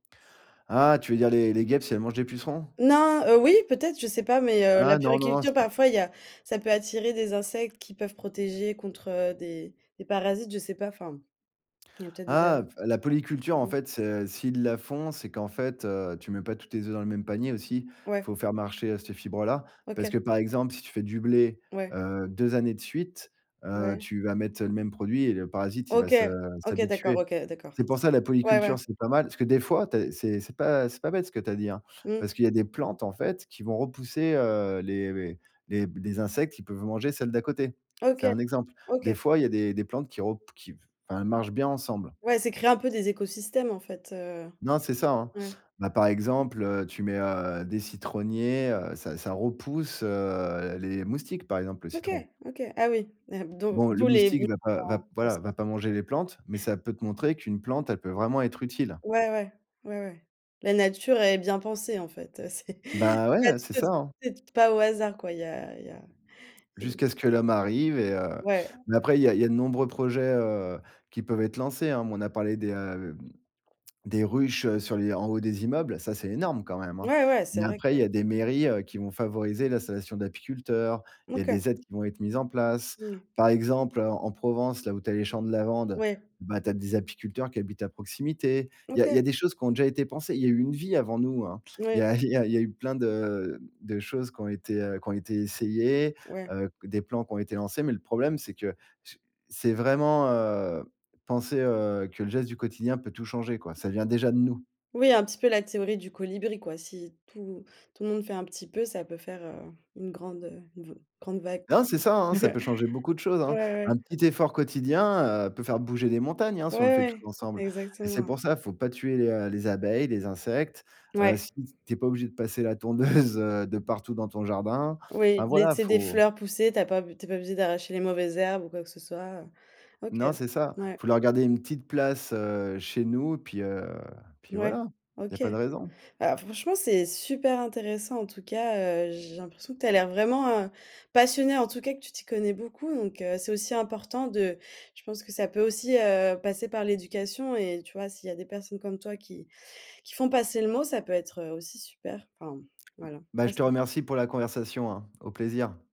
Ah, tu veux dire les les guêpes si elles mangent des pucerons? Non, heu, oui peut-être, je sais pas mais heu, la Ah non, non puériculture c'est parfois il y a ça peut attirer des insectes qui peuvent protéger contre, heu, des des parasites, je sais pas enfin. Il y a peut-être des a Ah la polyculture en ou. fait c'est, heu, s'ils la font c'est qu'en fait, heu, tu mets pas tous tes œufs dans le même panier aussi, il Ouais. faut faire marcher, heu, ces fibres là. Parce que OK. par exemple, si tu fais du blé, Ouais. heu, 2 années de suite, heu, Ouais. tu vas mettre le même produit et le parasite il va OK. se OK d'accord, s'habituer. OK, heu, d'accord, C'est pour c'est ça bon. la Ouais, ouais. polyculture c'est pas mal, parce que des fois tu as c'est c'est pas c'est pas bête ce que tu as dit hein, Mmh. parce qu'il y a des plantes en fait qui vont repousser, heu, les les les b les insectes, ils peuvent manger celles d'à côté. OK. C'est un exemple. Des OK. fois, il y a des des plantes qui repou qui, enfin elles marchent bien ensemble. Ouais, c'est créer un peu des écosystèmes en fait, heu, Non, c'est ça, hein. mmh. Bah, par exemple, heu, tu mets, heu, des citronniers, heu, ça ça repousse, heu, les moustiques, par exemple, le OK, citron. OK. Ah oui et dont Bon le d'où les moustique va pas va p voilà, va pas [unintelligible] manger les plantes, mais ça peut te montrer qu'une plante, elle peut vraiment être utile. Ouais, ouais. Ouais, ouais. La nature est bien pensée en fait, heu, c'est Bah c'est pas ouais, c'est quelque ça, chose hein. [unintelligible] pas au hasard quoi, il y a il y a, heu Jusqu'à ce que l'homme arrive et heu, Ouais. mais après, il y a il y a de nombreux projets, heu, qui peuvent être lancés, hein. On a parlé des, heu, des ruches sur les en haut des immeubles, ça, c'est énorme quand même, hein, Ouais, ouais c'est mais vrai après, que il y a des mairies heu, qui vont favoriser l'installation d'apiculteurs. Il y a OK. des aides qui vont être mises en place. Moui. Par exemple, en Provence, là où tu as les champs de lavande, Ouais. ben tu as des apiculteurs qui habitent à proximité. Il y a il y a OK. des choses qui ont déjà été pensées. Il y eu a une vie avant nous, hein. Il Ouais. y a il y a il y a eu plein de de choses qui ont été, heu, qui ont été essayées, Ouais. heu, des plans qui ont été lancés, mais le problème c'est que c'est vraiment, heu, penser, heu, que le geste du quotidien peut tout changer, quoi. Ça vient déjà de nous. Oui, un petit peu la théorie du colibri, quoi. Si tout tout le monde fait un petit peu, ça peut faire, heu, une grande, heu, v grande vague, Non quoi. c'est ça hein, ça peut changer beaucoup de choses, Ouais, hein. ouais. Un petit effort quotidien, heu, peut faire bouger des montagnes hein, Ouais si on le fait tous ouais. ensemble et c'est Exactement. pour ça, faut pas tuer les heu les abeilles, les insectes. Heu, Ouais. si tu es pas obligé de passer la tondeuse, heu, de partout dans ton jardin. Enfin Oui, voilà, laisser des faut fleurs pousser, tu as pas b tu es pas obligé d'arracher les mauvaises herbes ou quoi que ce soit, heu, OK. Non c'est ça, Ouais. faut leur garder une petite place, heu, chez nous puis, heu puis Ouais, voilà, il y a OK. pas de raison. Heu, franchement c'est super intéressant en tout cas, heu, j'ai l'impression que tu as l'air vraiment passionnée, en tout cas que tu t'y connais beaucoup donc heu, c'est aussi important de je pense que ça peut aussi, heu, passer par l'éducation et tu vois, s'il y a des personnes comme toi qui qui font passer le mot, ça peut être aussi super. Enfin m voilà. Bah je te Merci. remercie pour la conversation hein, au plaisir.